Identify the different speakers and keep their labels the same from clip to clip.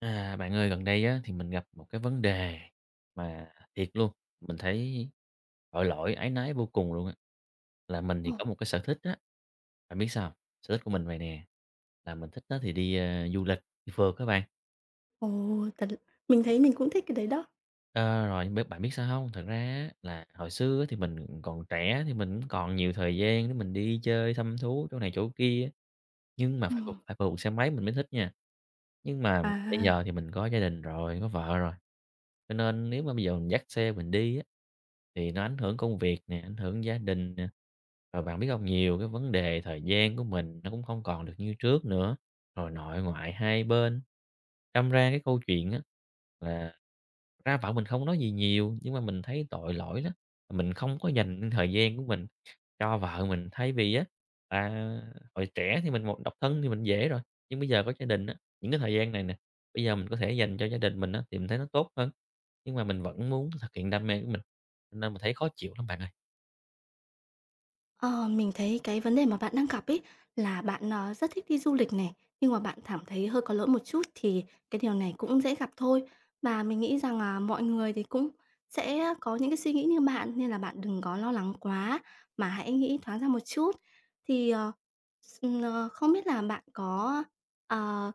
Speaker 1: À, bạn ơi, gần đây á thì mình gặp một cái vấn đề mà thiệt luôn, mình thấy tội lỗi, áy náy vô cùng luôn á. Là mình thì có
Speaker 2: Ồ.
Speaker 1: một cái sở thích á, bạn biết sao hông? Sở thích của mình vầy nè, là mình thích á thì đi, a, du lịch, đi phượt á bạn.
Speaker 2: Ồ, thật. Mình thấy mình cũng thích cái đấy đó.
Speaker 1: Ờ, rồi, nhưng biết bạn biết sao hông? Thật ra á là hồi xưa á thì mình, ừm, còn trẻ thì mình cũng còn nhiều thời gian để mình đi chơi, thăm thú chỗ này chỗ kia, nhưng mà phải phượt
Speaker 2: Ừm.
Speaker 1: phải phượt bằng xe máy mình mới thích nha. Nhưng mà bây
Speaker 2: À!
Speaker 1: giờ thì mình có gia đình rồi, có vợ rồi, cho nên nếu mà bây giờ mình dắt xe mình đi á thì nó ảnh hưởng công việc nè, ảnh hưởng gia đình nè. Rồi bạn biết hông? Nhiều cái vấn đề thời gian của mình nó cũng không còn được như trước nữa, rồi nội ngoại hai bên, đâm ra cái câu chuyện á là ra vợ mình không có nói gì nhiều, nhưng mà mình thấy tội lỗi lắm, mình không có dành thời gian của mình cho vợ mình. Thay vì á, à, hồi trẻ thì mình một độc thân thì mình dễ rồi, nhưng bây giờ có gia đình á, những cái thời gian này nè, bây giờ mình có thể dành cho gia đình mình á thì mình thấy nó tốt hơn. Nhưng mà mình vẫn muốn thực hiện đam mê của mình, nên mình thấy khó chịu lắm bạn ơi.
Speaker 2: Ờ, mình thấy cái vấn đề mà bạn đang gặp ấy là bạn, ờ, rất thích đi du lịch này, nhưng mà bạn thảm thấy hơi có lỗi một chút thì cái điều này cũng dễ gặp thôi. Mà mình nghĩ rằng là mọi người thì cũng sẽ có những cái suy nghĩ như bạn, nên là bạn đừng có lo lắng quá, mà hãy nghĩ thoáng ra một chút. Thì, ờ, s ờ, không biết là bạn có, ờ,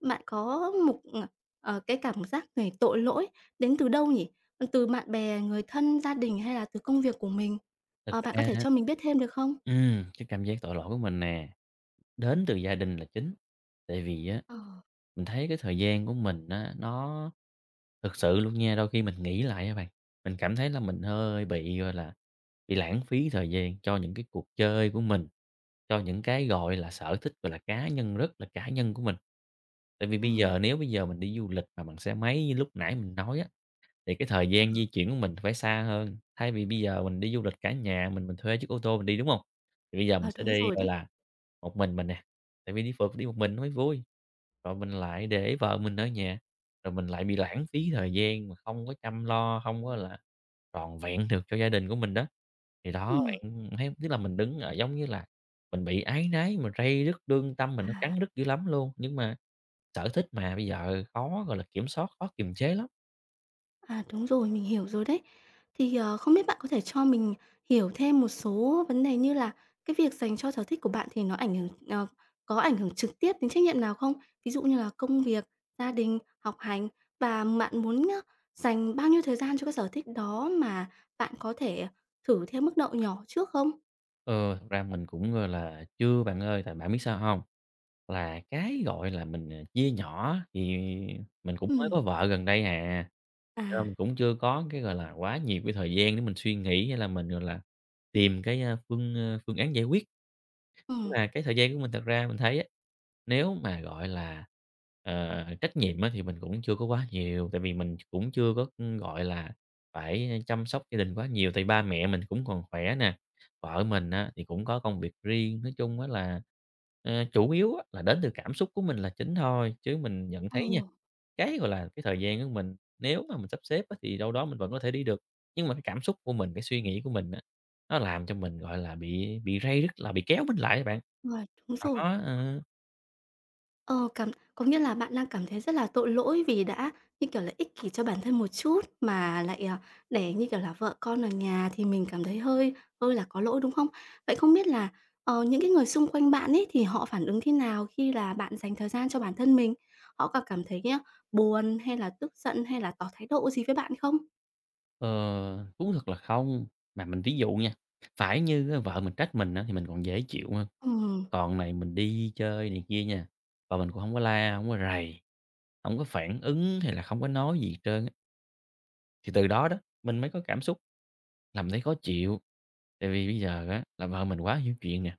Speaker 2: bạn có một, ờ, ờ, cái cảm giác về tội lỗi đến từ đâu nhỉ, từ bạn bè, người thân, gia đình hay là từ công việc của mình?
Speaker 1: Thật
Speaker 2: Ờ, bạn có
Speaker 1: ra
Speaker 2: thể cho mình biết thêm được không?
Speaker 1: ừm, cái cảm giác tội lỗi của mình nè, đến từ gia đình là chính, tại vì á,
Speaker 2: Ờ.
Speaker 1: mình thấy cái thời gian của mình á nó thực sự luôn nha, đôi khi mình nghĩ lại nha bạn, mình cảm thấy là mình hơi bị, gọi là, bị lãng phí thời gian cho những cái cuộc chơi của mình, cho những cái, gọi là, sở thích, gọi là, cá nhân rất là cá nhân của mình. Tại vì bây giờ
Speaker 2: Ừm.
Speaker 1: nếu bây giờ mình đi du lịch mà bằng xe máy như lúc nãy mình nói á, thì cái thời
Speaker 2: Ờ.
Speaker 1: gian di chuyển của mình phải xa hơn. Thay vì bây giờ mình đi du lịch cả nhà mình, mình thuê chiếc ô tô mình đi, đúng hông? Thì bây giờ mình
Speaker 2: À,
Speaker 1: sẽ
Speaker 2: đúng
Speaker 1: đi,
Speaker 2: rồi
Speaker 1: gọi
Speaker 2: đấy.
Speaker 1: là, một mình mình nè, tại vì đi phượt đi một mình nó mới vui. Rồi mình lại để vợ mình ở nhà, rồi mình lại bị lãng phí thời gian mà không có chăm lo, hông có là toàn vẹn được cho gia đình của mình đó. Thì đó,
Speaker 2: Ừm.
Speaker 1: bạn thấy, tức là, mình đứng ở giống như là mình bị áy náy, mình ray rứt, lương tâm mình nó
Speaker 2: À.
Speaker 1: cắn rứt dữ lắm luôn, nhưng mà sở thích mà, bây giờ khó, gọi là, kiểm soát, khó kiềm chế lắm.
Speaker 2: À, đúng rồi, mình hiểu rồi đấy. Thì, ờ, không biết bạn có thể cho mình hiểu thêm một số vấn đề như là cái việc dành cho sở thích của bạn thì nó ảnh hưởng ờ, có ảnh hưởng trực tiếp đến trách nhiệm nào không? Ví dụ như là công việc, gia đình, học hành và bạn muốn, ơ, dành bao nhiêu thời gian cho cái sở thích đó mà bạn có thể thử theo mức độ nhỏ trước không?
Speaker 1: Ờ, thật ra mình cũng, gọi là, chưa bạn ơi, tại bạn biết sao hông? Là cái, gọi là, mình, à, chia nhỏ thì mình cũng mới
Speaker 2: Ừm.
Speaker 1: có vợ gần đây à, cho nên
Speaker 2: À.
Speaker 1: mình cũng chưa có cái, gọi là, quá nhiều cái thời gian để mình suy nghĩ hay là mình, gọi là, tìm cái, a, phương, a, phương án giải quyết. Nhưng
Speaker 2: Ừm.
Speaker 1: mà cái thời gian của mình thật ra mình thấy á, nếu mà gọi là, ờ, trách nhiệm á thì mình cũng chưa có quá nhiều, tại vì mình ch cũng chưa có, ừm, gọi là, phải chăm sóc gia đình quá nhiều tại ba mẹ mình cũng còn khỏe nè, vợ mình á thì cũng có công việc riêng. Nói chung á là, à, chủ yếu á là đến từ cảm xúc của mình là chính thôi, chứ mình nhận thấy nha,
Speaker 2: Ồ.
Speaker 1: cái, gọi là, cái thời gian của mình, nếu mà mình sắp xếp á thì đâu đó mình vẫn có thể đi được, nhưng mà cái cảm xúc của mình, cái suy nghĩ của mình á, nó làm cho mình gọi là bị bị ray rứt, là bị kéo mình lại á bạn.
Speaker 2: Rồi, đúng rồi.
Speaker 1: Đó, ờ.
Speaker 2: Ờ, cảm có nghĩa là bạn đang cảm thấy rất là tội lỗi vì đã như kiểu là ích kỷ cho bản thân một chút mà lại, ờ, để như kiểu là vợ con ở nhà thì mình cảm thấy hơi hơi là có lỗi, đúng không? Vậy không biết là, ờ, những cái người xung quanh bạn ấy thì họ phản ứng thế nào khi là bạn dành thời gian cho bản thân mình? Họ có cảm thấy á buồn, hay là tức giận, hay là tỏ thái độ gì với bạn không?
Speaker 1: Ờ, thú thật là không. Mà mình ví dụ nha, phải như á vợ mình trách mình á thì mình còn dễ chịu ha.
Speaker 2: Ừm.
Speaker 1: Còn này mình đi chơi này kia nha, vợ mình cũng hổng có la, hổng có rầy, hông có phản ứng hay là không có nói gì trơn á. Thì từ đó đó, mình mới có cảm xúc, nằm thấy khó chịu, tại vì bây giờ á là vợ mình quá hiểu chuyện nè,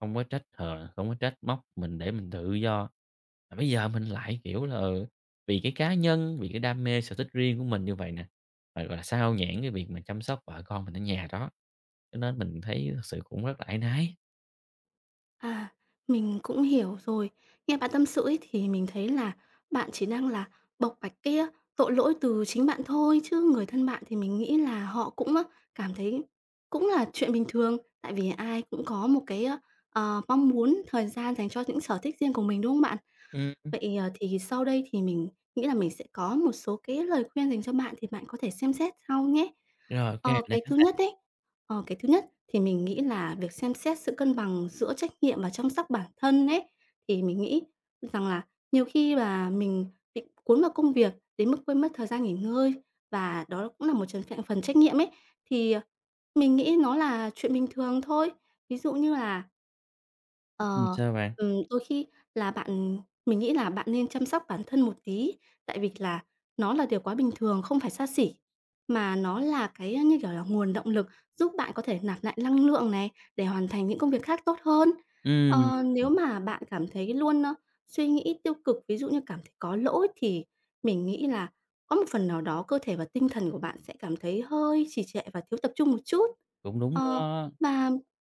Speaker 1: không có trách hờn, không có trách móc mình để mình tự do, mà bây giờ mình lại kiểu là, ừ, vì cái cá nhân, vì cái đam mê sở thích riêng của mình như vậy nè, rồi là xao nhãng cái việc mà chăm sóc vợ con mình ở nhà đó, cho nên mình thấy thực sự cũng rất là áy náy.
Speaker 2: À, mình cũng hiểu rồi. Nghe bạn tâm sự ấy thì mình thấy là bạn chỉ đang là bộc bạch cái á tội lỗi từ chính bạn thôi, chứ người thân bạn thì mình nghĩ là họ cũng, ơ, cảm thấy cũng là chuyện bình thường, tại vì ai cũng có một cái, ơ, ờ, mong muốn thời gian dành cho những sở thích riêng của mình, đúng không bạn?
Speaker 1: Ừm, ưm.
Speaker 2: Vậy, ờ, thì sau đây thì mình nghĩ là mình sẽ có một số cái lời khuyên dành cho bạn thì bạn có thể xem xét sau nhé.
Speaker 1: Rồi, ô kê, mình
Speaker 2: Ờ,
Speaker 1: đã
Speaker 2: cái
Speaker 1: sẵn
Speaker 2: thứ
Speaker 1: sàng.
Speaker 2: nhất ấy ờ, cái thứ nhất thì mình nghĩ là việc xem xét sự cân bằng giữa trách nhiệm và chăm sóc bản thân ấy, thì mình nghĩ rằng là nhiều khi là mình bị cuốn vào công việc đến mức quên mất thời gian nghỉ ngơi và đó cũng là một trong trạng phần trách nhiệm ấy. Thì, ờ, mình nghĩ nó là chuyện bình thường thôi. Ví dụ như là
Speaker 1: Ừm,
Speaker 2: Ờ,
Speaker 1: sao bạn?
Speaker 2: ừm, đôi khi là bạn mình nghĩ là bạn nên chăm sóc bản thân một tí, tại vì là nó là điều quá bình thường, không phải xa xỉ, mà nó là cái, a, như kiểu là nguồn động lực giúp bạn có thể nạp lại năng lượng này, để hoàn thành những công việc khác tốt hơn.
Speaker 1: Ừm.
Speaker 2: Ờ, nếu mà bạn cảm thấy luôn, ơ, suy nghĩ tiêu cực, ví dụ như cảm thấy có lỗi thì mình nghĩ là có một phần nào đó cơ thể và tinh thần của bạn sẽ cảm thấy hơi trì trệ và thiếu tập trung một chút.
Speaker 1: Cũng đúng
Speaker 2: Ờ,
Speaker 1: đó.
Speaker 2: và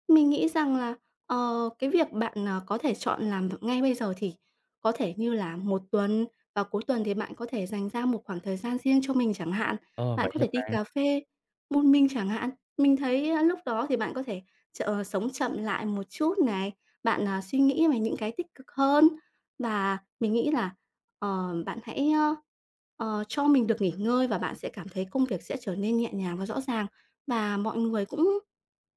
Speaker 2: mình nghĩ rằng là, ờ, cái việc bạn, à, có thể chọn làm v ngay bây giờ thì có thể như là 1 tuần, vào cuối tuần thì bạn có thể dành ra một khoảng thời gian riêng cho mình chẳng hạn,
Speaker 1: Ờ,
Speaker 2: bạn
Speaker 1: vậy
Speaker 2: có
Speaker 1: hả
Speaker 2: thể đi
Speaker 1: bạn?
Speaker 2: cà phê một mình chẳng hạn. Mình thấy, a, lúc đó thì bạn có thể ch sống chậm lại một chút này, bạn, à, suy nghĩ về những cái tích cực hơn và mình nghĩ là, ờ, bạn hãy, ơ, ờ, cho mình được nghỉ ngơi và bạn sẽ cảm thấy công việc sẽ trở nên nhẹ nhàng và rõ ràng. Mà mọi người cũng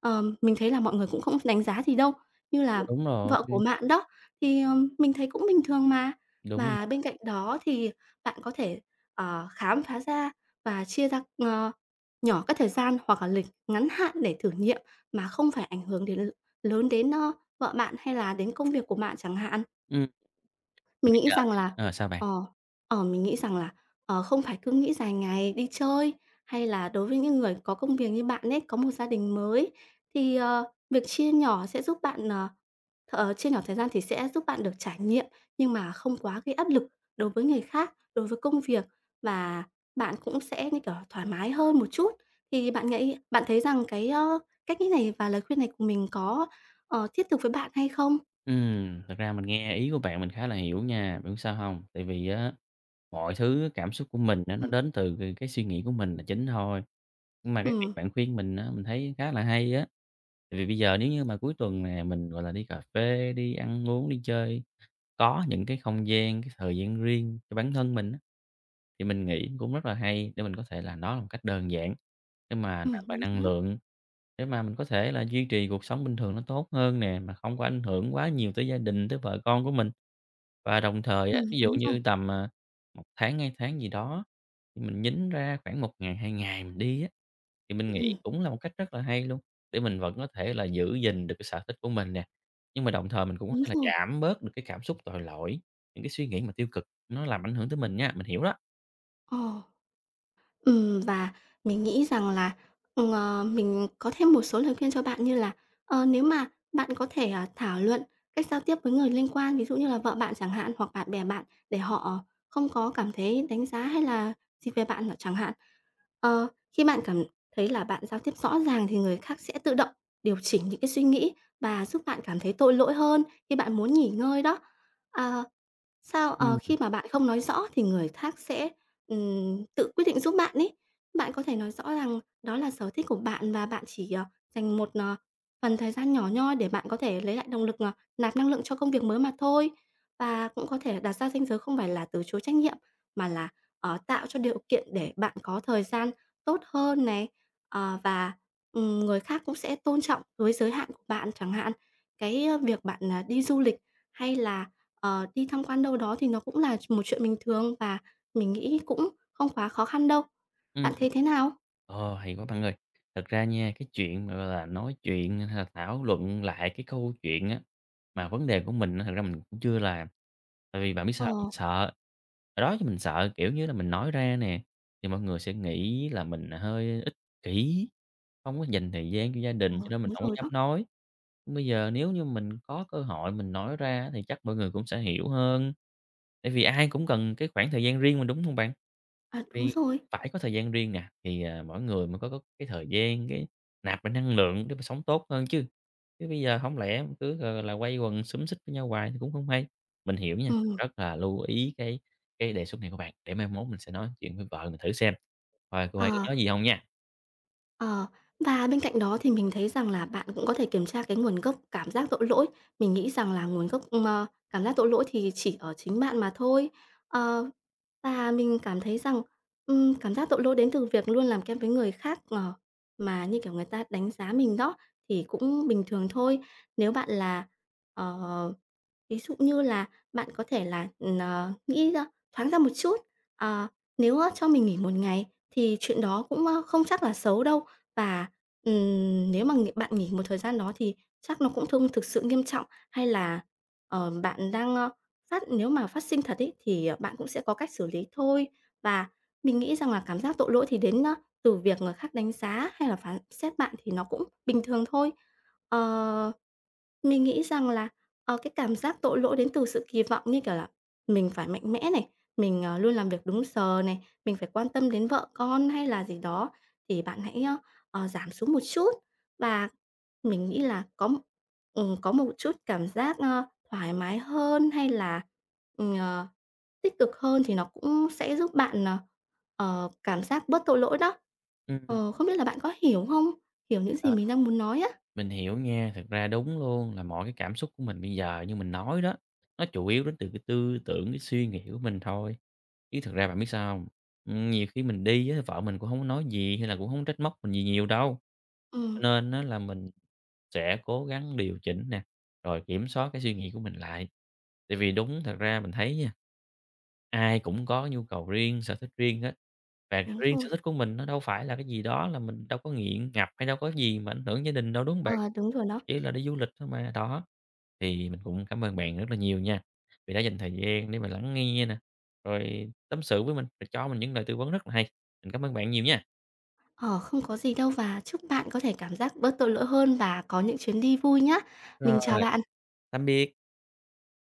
Speaker 2: ờm, mình thấy là mọi người cũng không đánh giá gì đâu, như
Speaker 1: Ờ,
Speaker 2: là
Speaker 1: đúng rồi.
Speaker 2: vợ của
Speaker 1: [unintelligible]
Speaker 2: bạn đó, thì, ờ, mình thấy cũng bình thường mà.
Speaker 1: Đúng.
Speaker 2: Mà bên
Speaker 1: [unintelligible]
Speaker 2: cạnh đó thì bạn có thể, ờ, khám phá ra và chia ra, ờ, nhỏ các thời gian hoặc là lịch ngắn hạn để thử nghiệm mà không phải ảnh hưởng đến l lớn đến, a, vợ bạn hay là đến công việc của bạn chẳng hạn.
Speaker 1: Ừm.
Speaker 2: Mình
Speaker 1: Bây
Speaker 2: nghĩ
Speaker 1: giờ
Speaker 2: rằng
Speaker 1: nè
Speaker 2: là
Speaker 1: ờ, sao bạn?
Speaker 2: ờ, ờ, mình nghĩ rằng là, ờ, không phải cứ nghĩ dài ngày đi chơi, hay là đối với những người có công việc như bạn ấy, có một gia đình mới thì, ờ, việc chia nhỏ sẽ giúp bạn, ờ ờ, chia nhỏ thời gian thì sẽ giúp bạn được trải nghiệm nhưng mà không quá cái áp lực đối với người khác, đối với công việc và bạn cũng sẽ như kiểu là thoải mái hơn một chút. Thì bạn nghĩ bạn thấy rằng cái, ơ, cách nghĩ này và lời khuyên này của mình có, ờ, thiết thực với bạn hay không?
Speaker 1: Ừm, thật ra mình nghe ý của bạn mình khá là hiểu nha, bạn biết sao hông? Tại vì á, mọi thứ cảm xúc của mình á nó
Speaker 2: Ừm.
Speaker 1: đến từ c cái suy nghĩ của mình là chính thôi, nhưng mà cái việc
Speaker 2: Ừm.
Speaker 1: bạn khuyên mình á mình thấy khá là hay á, tại vì bây giờ nếu như mà cuối tuần nè mình, gọi là, đi cà phê, đi ăn uống, đi chơi, có những cái không gian, cái thời gian riêng cho bản thân mình á. Thì mình nghĩ cũng rất là hay để mình có thể là đó là một cách đơn giản để mà
Speaker 2: Ừm,
Speaker 1: nạp lại
Speaker 2: đúng
Speaker 1: năng
Speaker 2: rồi đấy.
Speaker 1: lượng, để mà mình có thể là duy trì cuộc sống bình thường nó tốt hơn nè, mà không có ảnh hưởng quá nhiều tới gia đình, tới vợ con của mình. Và đồng thời á,
Speaker 2: Ừm,
Speaker 1: ví dụ
Speaker 2: đúng rồi.
Speaker 1: như tầm, à, 1 tháng, 2 tháng gì đó thì mình nhính ra khoảng 1 ngày, 2 ngày mình đi á, thì mình nghĩ
Speaker 2: Ừm.
Speaker 1: cũng là một cách rất là hay luôn, để mình vẫn có thể là giữ gìn được cái sở thích của mình nè, nhưng mà đồng thời mình cũng có
Speaker 2: Đúng
Speaker 1: thể là
Speaker 2: rồi.
Speaker 1: giảm bớt được cái cảm xúc tội lỗi, những cái suy nghĩ mà tiêu cực nó làm ảnh hưởng tới mình nha, mình hiểu đó.
Speaker 2: Ồ. Ừm, và mình nghĩ rằng là, ừ, ờ, mình có thêm một số lời khuyên cho bạn như là, ờ, nếu mà bạn có thể, à, thảo luận cách giao tiếp với người liên quan, ví dụ như là vợ bạn chẳng hạn, hoặc bạn bè bạn để họ không có cảm thấy đánh giá hay là gì về bạn n chẳng hạn. Ờ, khi bạn cảm thấy là bạn giao tiếp rõ ràng thì người khác sẽ tự động điều chỉnh những cái suy nghĩ và giúp bạn cảm thấy tội lỗi hơn khi bạn muốn nghỉ ngơi đó. Ờ, sao, ờ,
Speaker 1: Ừm.
Speaker 2: khi mà bạn không nói rõ thì người khác sẽ, ừm, tự quyết định giúp bạn ấy. Bạn có thể nói rõ rằng đó là sở thích của bạn và bạn chỉ, ờ, dành một, ờ, phần thời gian nhỏ nhoi để bạn có thể lấy lại động lực, ờ, nạp năng lượng cho công việc mới mà thôi. Và cũng có thể là đặt ra ranh giới không phải là từ chối trách nhiệm, mà là, ờ, tạo cho điều kiện để bạn có thời gian tốt hơn này, ờ, và, ừm, người khác cũng sẽ tôn trọng với giới hạn của bạn chẳng hạn. Cái, a, việc bạn, ờ, đi du lịch hay là, ờ, đi tham quan đâu đó thì nó cũng là ch một chuyện bình thường và mình nghĩ cũng không quá khó khăn đâu.
Speaker 1: Ừm.
Speaker 2: Bạn thấy thế nào?
Speaker 1: Ồ, hay quá bạn ơi! Thật ra nha, cái chuyện mà, gọi là, nói chuyện hay là thảo luận lại cái câu chuyện á mà vấn đề của mình á, thật ra mình cũng chưa làm. Tại vì bạn biết sao hông? Mình
Speaker 2: Ờ.
Speaker 1: sợ. Hồi đó thì mình sợ kiểu như là mình nói ra nè, thì mọi người sẽ nghĩ là mình hơi ích kỷ, hông có dành thời gian cho gia
Speaker 2: Ồ,
Speaker 1: đình cho nên mình
Speaker 2: đúng
Speaker 1: hổng có
Speaker 2: rồi
Speaker 1: dám
Speaker 2: đó.
Speaker 1: nói. Bây giờ nếu như mình có cơ hội mình nói ra á thì chắc mọi người cũng sẽ hiểu hơn. Tại vì ai cũng cần cái khoảng thời gian riêng mình, đúng hông bạn?
Speaker 2: À, đúng
Speaker 1: Vì
Speaker 2: rồi.
Speaker 1: phải có thời gian riêng nè, thì, à, mỗi người mới có có cái thời gian cái nạp lại năng lượng để mà sống tốt hơn chứ. Chứ bây giờ hổng lẽ mình cứ gọi gọi là quây quần xúm xít với nhau hoài cũng hông hay. Mình hiểu nha,
Speaker 2: Ừm.
Speaker 1: rất là lưu ý cái cái đề xuất này của bạn, để mai mốt mình sẽ nói chuyện với vợ mình thử xem coi cô ấy
Speaker 2: À.
Speaker 1: có nói gì hông nha.
Speaker 2: Ờ, và bên cạnh đó thì mình thấy rằng là bạn cũng có thể kiểm tra cái nguồn gốc cảm giác tội lỗi. Mình nghĩ rằng là nguồn gốc, ơ, cảm giác tội lỗi thì chỉ ở chính bạn mà thôi. Ờ, và mình cảm thấy rằng, ừm, cảm giác tội lỗi đến từ việc luôn làm kém với người khác, ờ, mà như kiểu người ta đánh giá mình đó, thì cũng bình thường thôi. Nếu bạn là, ờ ví dụ như là bạn có thể là, ừm, ờ, nghĩ ra thoáng ra một chút. Ờ, nếu, á, cho mình nghỉ 1 ngày thì chuyện đó cũng, ơ, không chắc là xấu đâu. Và, ừm, nếu mà ng bạn nghỉ một thời gian đó thì chắc nó cũng thông thực sự nghiêm trọng. Hay là, ờ, bạn đang, ơ, phát nếu mà phát sinh thật ấy, thì, ờ, bạn cũng sẽ có cách xử lý thôi. Và mình nghĩ rằng là cảm giác tội lỗi thì đến, á, từ việc người khác đánh giá hay là phán xét bạn thì nó cũng bình thường thôi. Ờ, mình nghĩ rằng là, ờ, cái cảm giác tội lỗi đến từ sự kỳ vọng như kiểu là mình phải mạnh mẽ này, mình, ờ, luôn làm việc đúng giờ này, mình phải quan tâm đến vợ con hay là gì đó, thì bạn hãy, ơ, ờ, giảm xuống một chút. Và mình nghĩ là có ừm, có một chút cảm giác, ơ, thoải mái hơn, hay là, ừm, ờ, tích cực hơn thì nó cũng sẽ giúp bạn, ờ, ờ, cảm giác bớt tội lỗi đó.
Speaker 1: Ừm, ừm.
Speaker 2: Ờ, không biết là bạn có hiểu hông? Hiểu những gì
Speaker 1: À,
Speaker 2: mình đang muốn nói á.
Speaker 1: mình hiểu nha. Thực ra đúng luôn, là mỗi cái cảm xúc của mình bây giờ, như mình nói đó, nó chủ yếu đến từ cái tư tưởng, cái suy nghĩ của mình thôi, chứ thực ra, bạn biết sao hông? Ừm, nhiều khi mình đi á, vợ mình cũng hổng có nói gì hay là cũng hổng có trách móc mình gì nhiều đâu. Cho
Speaker 2: Ừm.
Speaker 1: nên á là mình sẽ cố gắng điều chỉnh nè, rồi kiểm soát cái suy nghĩ của mình lại. Tại vì đúng, thật ra mình thấy nha, ai cũng có nhu cầu riêng, sở thích riêng á, và
Speaker 2: Đúng
Speaker 1: riêng sở
Speaker 2: rồi.
Speaker 1: thích của mình nó đâu phải là cái gì đó, là mình đâu có nghiện ngập hay đâu có cái gì mà ảnh hưởng gia đình đâu, đúng hông bạn?
Speaker 2: Ờ, đúng rồi đó.
Speaker 1: Chỉ là đi du lịch thôi mà, đó. Thì mình cũng cảm ơn bạn rất là nhiều nha, vì đã dành thời gian để mà lắng nghe nè, rồi tâm sự với mình, rồi cho mình những lời tư vấn rất là hay. Mình cảm ơn bạn nhiều nha!
Speaker 2: Ờ, không có gì đâu, và chúc bạn có thể cảm giác bớt tội lỗi hơn và có những chuyến đi vui nhá. Mình chào
Speaker 1: Rồi.
Speaker 2: bạn.
Speaker 1: Tạm biệt.